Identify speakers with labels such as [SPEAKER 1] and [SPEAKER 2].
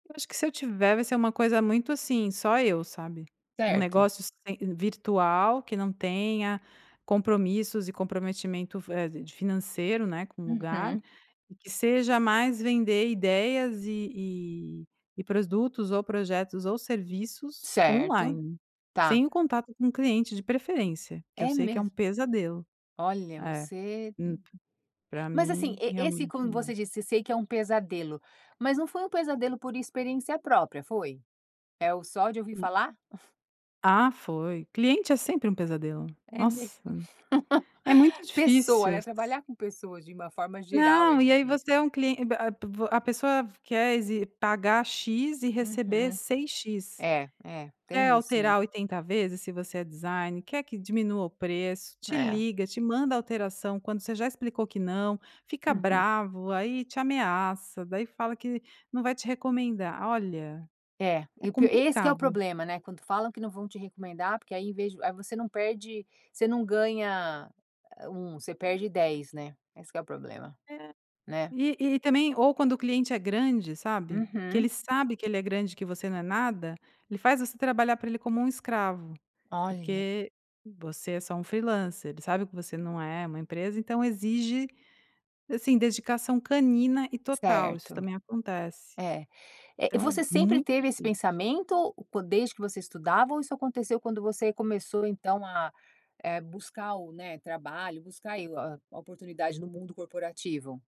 [SPEAKER 1] Eu acho que se eu tiver, vai ser um coisa muito, assim, só eu, sabe. Um
[SPEAKER 2] Certo.
[SPEAKER 1] negócio sem virtual, que não tenha compromissos e comprometimento f eh, de financeiro, né, com o lugar.
[SPEAKER 2] Uhum.
[SPEAKER 1] E que seja mais vender ideias, e e e produtos, ou projetos, ou serviços
[SPEAKER 2] Certo.
[SPEAKER 1] on-line.
[SPEAKER 2] Tá.
[SPEAKER 1] Sem o contato com o cliente, de preferência, que eu
[SPEAKER 2] É
[SPEAKER 1] sei que é
[SPEAKER 2] mesmo?
[SPEAKER 1] um pesadelo.
[SPEAKER 2] Olha,
[SPEAKER 1] É,
[SPEAKER 2] você
[SPEAKER 1] hum p pra
[SPEAKER 2] mas assim,
[SPEAKER 1] mim
[SPEAKER 2] e esse,
[SPEAKER 1] realmente
[SPEAKER 2] como
[SPEAKER 1] uma
[SPEAKER 2] você disse, eu sei que é um pesadelo, mas não foi um pesadelo por experiência própria, foi? É o só de ouvir falar?
[SPEAKER 1] Ah, foi. Cliente é sempre um pesadelo.
[SPEAKER 2] É
[SPEAKER 1] Nossa,
[SPEAKER 2] mesmo.
[SPEAKER 1] é muito
[SPEAKER 2] Pessoa,
[SPEAKER 1] difícil.
[SPEAKER 2] né, trabalhar com pessoas, de uma forma geral, é
[SPEAKER 1] Não, e aí você
[SPEAKER 2] difícil.
[SPEAKER 1] é um clien b a p p a pessoa quer exe pagar X, e receber
[SPEAKER 2] Uhum.
[SPEAKER 1] 6 X.
[SPEAKER 2] É, é,
[SPEAKER 1] Quer
[SPEAKER 2] tem isso me
[SPEAKER 1] alterar 80 vezes, se você é designer, quer que diminua o preço. Te
[SPEAKER 2] É.
[SPEAKER 1] liga, te manda alteração, quando você já explicou que não. Fica
[SPEAKER 2] Uhum.
[SPEAKER 1] bravo, aí te ameaça, daí fala que não vai te recomendar olha,
[SPEAKER 2] É.
[SPEAKER 1] é
[SPEAKER 2] E o pi esse que é o
[SPEAKER 1] complicado.
[SPEAKER 2] problema, né, quando falam que não vão te recomendar, porque aí em vez de aí você não perde você não ganha a 1, você perde 10, né. Esse que é o problema,
[SPEAKER 1] É.
[SPEAKER 2] né.
[SPEAKER 1] E e também, ou quando o cliente é grande, sabe, que ele
[SPEAKER 2] Uhum.
[SPEAKER 1] sabe que ele é grande que você não é nada, ele faz você trabalhar pra ele como um escravo.
[SPEAKER 2] Olha.
[SPEAKER 1] Porque você é só um freelancer, ele sabe que você não é um empresa, então exige, assim, dedicação canina e total, isso
[SPEAKER 2] Certo.
[SPEAKER 1] também acontece.
[SPEAKER 2] É. Eh,
[SPEAKER 1] Então é
[SPEAKER 2] você sempre
[SPEAKER 1] muito
[SPEAKER 2] teve esse
[SPEAKER 1] difícil.
[SPEAKER 2] pensamento po desde que você estudava, ou isso aconteceu quando você começou então a, eh, buscar o, né, trabalho, buscar e o a oportunidade no mundo corporativo?